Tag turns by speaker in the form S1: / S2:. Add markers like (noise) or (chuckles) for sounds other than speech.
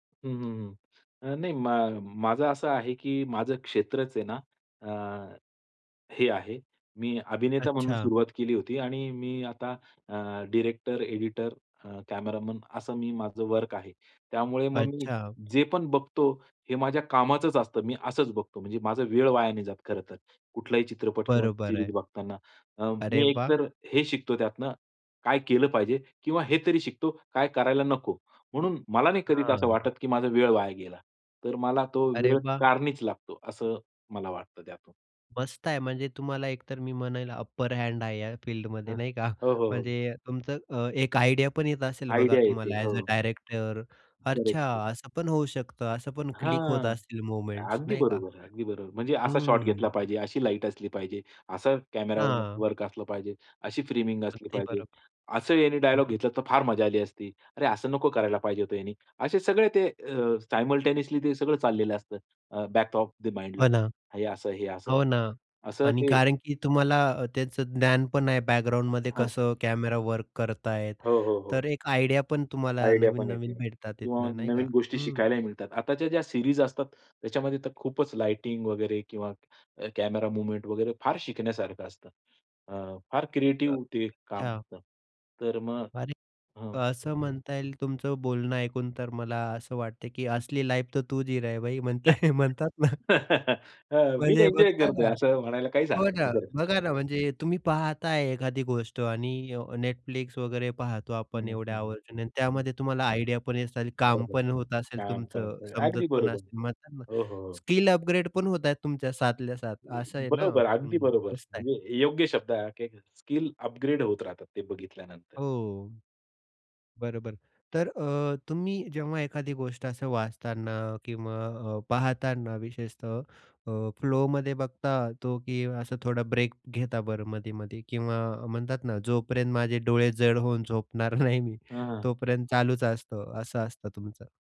S1: हं, हं, हं. अ, नाही मा माझं असं आहे की माझं क्षेत्रच आहे ना, अ, हे आहे. मी अभिनेता म्हणून
S2: अच्छा.
S1: सुरुवात केली होती आणि मी आता अ, डायरेक्टर, एडिटर, अ, कॅमेरामन असं मी माझं वर्क आहे. त्यामुळे मग मी
S2: अच्छा.
S1: जे पण बघतो हे माझ्या कामाचंच असतं. मी असंच बघतो. म्हणजे माझा वेळ वाया नाही जात खरंतर. कुठलाही चित्रपट किंवा
S2: बरोबर
S1: सीरीज
S2: आहे.
S1: बघताना अ,
S2: अरे
S1: मी
S2: वाह!
S1: एकतर हे शिकतो, त्यातनं काय केलं पाहिजे? किंवा हे तरी शिकतो, काय करायला नको? म्हणून मला नाही कधी तर असं वाटतं
S2: हां.
S1: की माझा वेळ वाया गेला. तर मला तो
S2: अरे
S1: वेळ
S2: वाह!
S1: कारणीच लागतो, असं मला वाटतं त्यातून.
S2: मस्त आहे म्हणजे तुम्हाला एकतर मी म्हणेल अपर हँड आहे या फील्डमध्ये
S1: हं.
S2: नाही का (chuckles)
S1: हो, हो, हो.
S2: म्हणजे तुमचं अ, एक आयडिया पण येत असेल. बघा
S1: आयडिया येते.
S2: तुम्हाला अ‍ॅज अ
S1: हो.
S2: डायरेक्टर
S1: करेक्ट
S2: अच्छा,
S1: आहे.
S2: असं पण होऊ शकतं, असं पण क्लिक होत
S1: हां,
S2: असतील मूव्हमेंट्स
S1: अगदी
S2: नाही का?
S1: बरोबर आहे, अगदी बरोबर आहे. म्हणजे असा शॉट घेतला
S2: हं.
S1: पाहिजे, अशी लाईट असली पाहिजे, असं कॅमेरावर
S2: हां.
S1: वर्क असलं पाहिजे, अशी फ्रेमिंग असली
S2: अगदी
S1: पाहिजे,
S2: बरोबर.
S1: असं यानी डायलॉग घेतलं असतं तर फार मजा आली असती, "अरे, असं नको करायला पाहिजे होतं यानी." असे सगळे ते अ, सायमल्टेनियसली ते सगळं चाललेलं असतं. अ, बॅक ऑफ द माइंडला
S2: हो ना.
S1: हे असं, हे असं
S2: हो ना
S1: असं
S2: आणि
S1: ते.
S2: कारण की तुम्हाला अ, त्याच ज्ञानपण आहे बॅकग्राऊंडमध्ये
S1: हां.
S2: कसं कॅमेरा वर्क करतायेत,
S1: हो, हो, हो.
S2: तर एक आयडिया पण तुम्हाला
S1: आयडिया पण येती
S2: नवीन-नवीन भेटतात
S1: किंवा
S2: तिथनं, नाही का?
S1: नवीन गोष्टी
S2: हं.
S1: शिकायलाही मिळतात. आताच्या ज्या सीरीज असतात. त्याच्यामध्ये तर खूपच लाइटिंग वगैरे किंवा अ, कॅमेरा मूव्हमेंट वगैरे फार शिकण्यासारखं असतं. अ, फार क्रिएटिव्ह ते काम
S2: अच्छा.
S1: करतं. तर मग
S2: अरे
S1: हं.
S2: असं म्हणता येईल. तुमचं बोलणं ऐकून तर मला असं वाटतं की असली लाईफ तर तू जी रहा हे भाई म्हणत
S1: (laughs)
S2: (chuckles) म्हणतात ना?
S1: हं. मी
S2: म्हणजे
S1: एन्जॉय
S2: बघा
S1: करतोय
S2: ना
S1: असं म्हणायला काहीच
S2: हो
S1: हरकत
S2: ना.
S1: नाही बरं का.
S2: बघा ना म्हणजे तुम्ही पाहत आहे एखादी गोष्ट आणि अ, Netflix वगैरे पाहतो
S1: हं,
S2: आपण
S1: हं.
S2: एवढे
S1: हं,
S2: आवर्जून.
S1: हं. हं.
S2: त्यामध्ये तुम्हाला आयडिया पण येतं, काम
S1: बरोबर.
S2: पण होत असेल
S1: काम पण
S2: तुमचं,
S1: होतं.
S2: समजत
S1: अगदी
S2: पण
S1: बरोबर.
S2: असेल, म्हणतात ना मग
S1: हो, हो, हो.
S2: स्किल अपग्रेड पण होत आहेत तुमच्या साथल्या-साथ असं आहे ना?
S1: बरोबर, अगदी
S2: हं,
S1: बरोबर
S2: मस्त आहे.
S1: म्हणजे योग्य शब्द आहे, हा की स्किल अपग्रेड होत राहतात ते बघितल्यानंतर.
S2: हो. बरोबर. तर अ, तुम्ही जेव्हा एखादी गोष्ट असं वाचताना किंवा अ, पाहताना विशेषतः अ, फ्लोमध्ये बघता तो की असं थोडा ब्रेक घेता बरं मधे-मधे किंवा म्हणतात ना जोपर्यंत माझे डोळे जड होऊन झोपणार नाही मी
S1: हां.
S2: तोपर्यंत चालूच असतं, असं असतं तुमचं?